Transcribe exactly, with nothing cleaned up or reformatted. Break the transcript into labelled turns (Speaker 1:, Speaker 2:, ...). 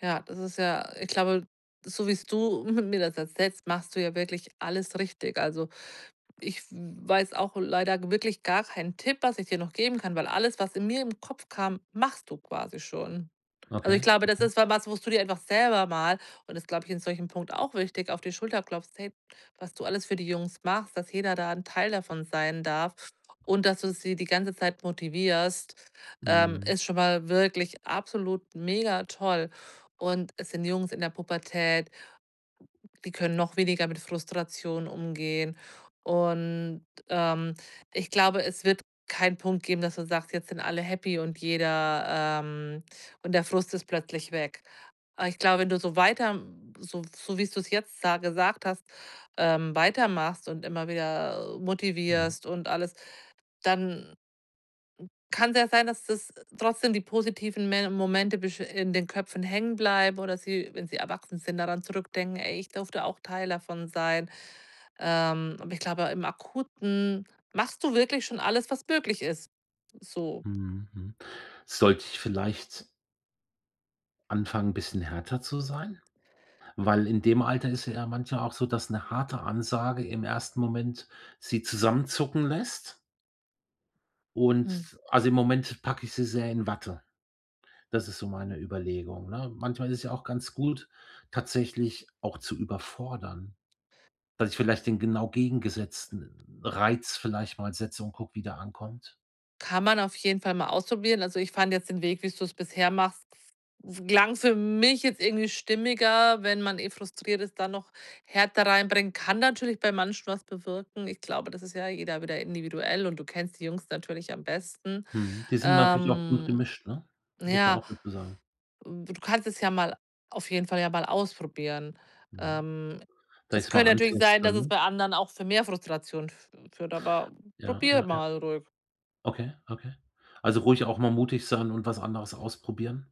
Speaker 1: Ja, das ist ja ich glaube, so wie's du mi mir das erzählst, machst du ja wirklich alles richtig. Also, ich w weiß auch leider wirklich gar keinen Tipp, was ich dir noch geben kann, weil alles, was in mir im Kopf kam, machst du quasi schon. Also,
Speaker 2: Okay,
Speaker 1: ich glaube, das
Speaker 2: okay.
Speaker 1: ist wa was, wo du dir einfach selber mal, und das, glaube ich, in solchem Punkt auch wichtig, auf die Schulter klopfst, hey, was du alles für die Jungs machst, dass jeder da 'n Teil davon sein darf und dass du sie die ganze Zeit motivierst, ähm,
Speaker 2: Mhm.
Speaker 1: ist schon mal wirklich absolut mega toll. Und es sind Jungs in der Pubertät die können noch weniger mit Frustration umgehen. Und, ähm, ich glaube, es wird keinen Punkt geben, dass man sagt, jetzt sind alle happy und jeder, ähm und der Frust ist plötzlich weg. Aber ich glaube, wenn du so weiter so so wie's du es jetzt sa gesagt hast, ähm, weitermachst und immer wieder
Speaker 2: Mhm.
Speaker 1: motivierst und alles, dann kann's ja sein, dass das trotzdem die positiven Me Momente besch in den Köpfen hängen bleiben oder sie, wenn sie erwachsen sind, daran zurückdenken: „Ey, ich durfte auch Teil davon sein.“ Ähm, aber ich glaube, im Akuten machst du wirklich schon alles, was möglich ist, so.
Speaker 2: Mhm. Mhm. Sollte ich vielleicht anfangen, bisschen härter zu sein? Weil in dem Alter ist es ja manchmal auch so, dass 'ne harte Ansage im ersten Moment sie zusammenzucken lässt.
Speaker 1: Mhm.
Speaker 2: Und also, im Moment packe ich sie sehr in Watte. Das ist so meine Überlegung, ne? Manchmal ist es ja auch ganz gut, tatsächlich auch zu überfordern, dass ich vielleicht den genau gegengesetzten Reiz vielleicht mal setze und gucke, wie der ankommt.
Speaker 1: Kann man auf jeden Fall mal ausprobieren. Also, ich fand jetzt den Weg, wie's du's bisher machst klang für mich jetzt irgendwie stimmiger, wenn man eh frustriert ist, dann noch Härte reinbringen. Kann natürlich bei manchen was bewirken. Ich glaube, das ist ja jeder wieder individuell und du kennst die Jungs natürlich am besten.
Speaker 2: Mhm, die sind natürlich auch gut
Speaker 1: Ähm,
Speaker 2: gemischt, ne,
Speaker 1: na
Speaker 2: muss man
Speaker 1: ja
Speaker 2: auch dazu sagen.
Speaker 1: du kannst es ja mal auf jeden Fall ja mal ausprobieren.
Speaker 2: Mhm.
Speaker 1: Ähm,
Speaker 2: Dass
Speaker 1: es
Speaker 2: ich's mal
Speaker 1: könnte natürlich sein,
Speaker 2: anteste,
Speaker 1: dass es
Speaker 2: ne?
Speaker 1: bei anderen auch für mehr Frustration f führt, aber
Speaker 2: Ja,
Speaker 1: probier
Speaker 2: ja, ja.
Speaker 1: mal ruhig.
Speaker 2: Okay, okay. Also, ruhig auch mal mutig sein und was anderes ausprobieren?